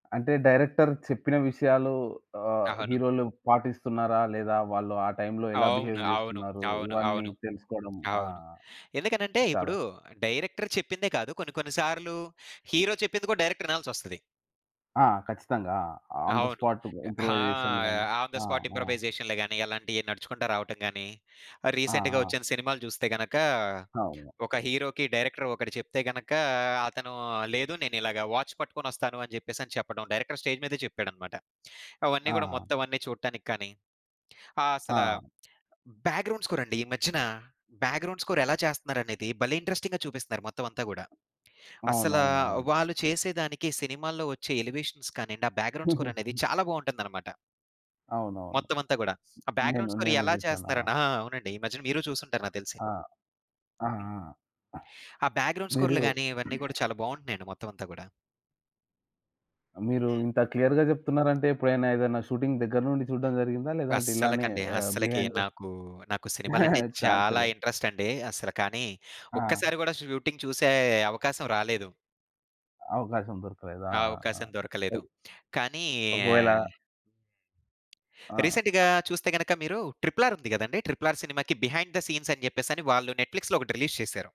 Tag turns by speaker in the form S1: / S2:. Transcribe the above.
S1: అంటే డైరెక్టర్ చెప్పిన విషయాలు ఆహ్,
S2: అవును.
S1: హీరోలు పాటిస్తున్నారా? లేదా వాళ్ళు ఆ టైంలో ఎలా బిహేవ్
S2: అవును. అవును.
S1: జేస్తున్నారు?
S2: అవును.
S1: ఇవన్నీ
S2: అవును.
S1: తెలుసుకోవడం? ఆ!
S2: అవును. ఎందుకనంటే
S1: చాలా
S2: ఇప్పుడు డైరెక్టర్ చెప్పిందే కాదు కొన్ని కొన్ని సార్లు హీరో చెప్పింది కూడా డైరెక్టర్ ఇనాల్సొస్తది.
S1: ఆ! ఖచ్చితంగా. ఆ! ఆన్ థ
S2: అవును.
S1: స్పాట్
S2: అ ఆ!
S1: ఇంప్రూవైజేషన్ గాని
S2: ఆన్ థ
S1: ఆ!
S2: స్పాట్
S1: ఆ!
S2: ఇంప్రూవైజేషన్‌లో గాని అలాంటియి నడుచుకుంటూ రావటం గాని.
S1: ఆ!
S2: రీసెంట్‌గా
S1: ఆ!
S2: ఒచ్చిన సినిమాలు చూస్తే గనక,
S1: అవును.
S2: ఒక హీరోకి డైరెక్టర్ ఒకటి చెప్తే గనక అతను లేదు నేనిలాగ వాచ్ పట్టుకొనొస్తాను అని చెప్పేసని చెప్పడం డైరెక్టర్ స్టేజ్ మీదే చెప్పాడన్నమాట. అవన్నీ గూడా
S1: ఆ!
S2: మొత్తం అన్నీ చూడటానికి కానీ ఆహ్, అసలా
S1: ఆ!
S2: బ్యాక్‌గ్రౌండ్ స్కోర్ అండి ఈ మధ్యన. బ్యాక్‌గ్రౌండ్ స్కోర్ ఎలా చేస్తన్నారనేది భలే ఇంట్రెస్టింగ్‌గా చూపిస్తున్నారు! మొత్తం అంతా గూడా. అసలా
S1: అవునవునవును.
S2: వాళ్ళు చేసేదానికి సినిమాల్లో ఒచ్చే ఎలివేషన్స్ కానియండి, ఆ బ్యాక్‌గ్రౌండ్ స్కోర్ అనేది చాలా బావుంటుందనమాట.
S1: అవునవును.
S2: మొత్తమంతా గూడా. ఆ
S1: నేను
S2: బ్యాక్‌గ్రౌండ్ స్కోర్
S1: నేను
S2: ఎలా
S1: జూసాను. ఆ!
S2: చేస్తన్నారని ఆ! అవునండి. ఈ మధ్యన మీరు చూసుంటారు నాకు తెలిసి.
S1: ఆ! ఆ!
S2: హ్మ్.
S1: ఆ!
S2: ఆ! బ్యాక్‌గ్రౌండ్
S1: మీరు
S2: స్కోర్లు గాని ఇవన్నీ గూడా చాలా బావుంటున్నాయండి మొత్తం అంతా గూడా.
S1: మీరు
S2: హ్మ్.
S1: ఇంత క్లియర్‌గా జెప్తున్నారంటే ఎప్పుడైనా ఏదైనా షూటింగ్ దగ్గర నుండి జూడడం జరిగిందా? లేదంటే ఇలానే
S2: అస్సలకండి.
S1: ఆహ్,
S2: అస్సలకి
S1: బిహైండు
S2: నాకు నాకు సినిమాలంటే
S1: చాన్సే
S2: చాలా
S1: లేదా?
S2: ఇంట్రెస్ట్ అండి. అసలు కానీ
S1: ఆ!
S2: ఒక్కసారి గూడా షూటింగ్ చూసే అవకాశం రాలేదు.
S1: అవకాశం దొరకలేదా?
S2: ఆ
S1: ఆ! ఆ!
S2: అవకాశం
S1: ఆ!
S2: దొరకలేదు. కానీ
S1: ఒకవేళ ఆ!
S2: రీసెంట్‌గా చూస్తే గనక మీరు 'ట్రిపుల్ ఆర్' ఉంది కదండీ! 'ట్రిపుల్ ఆర్' సినిమాకి బిహైండ్ థ సీన్స్ అని చెప్పేసని వాళ్ళు నెట్‌ఫ్లిక్స్‌లో ఒకటి రిలీజ్ చేశారు.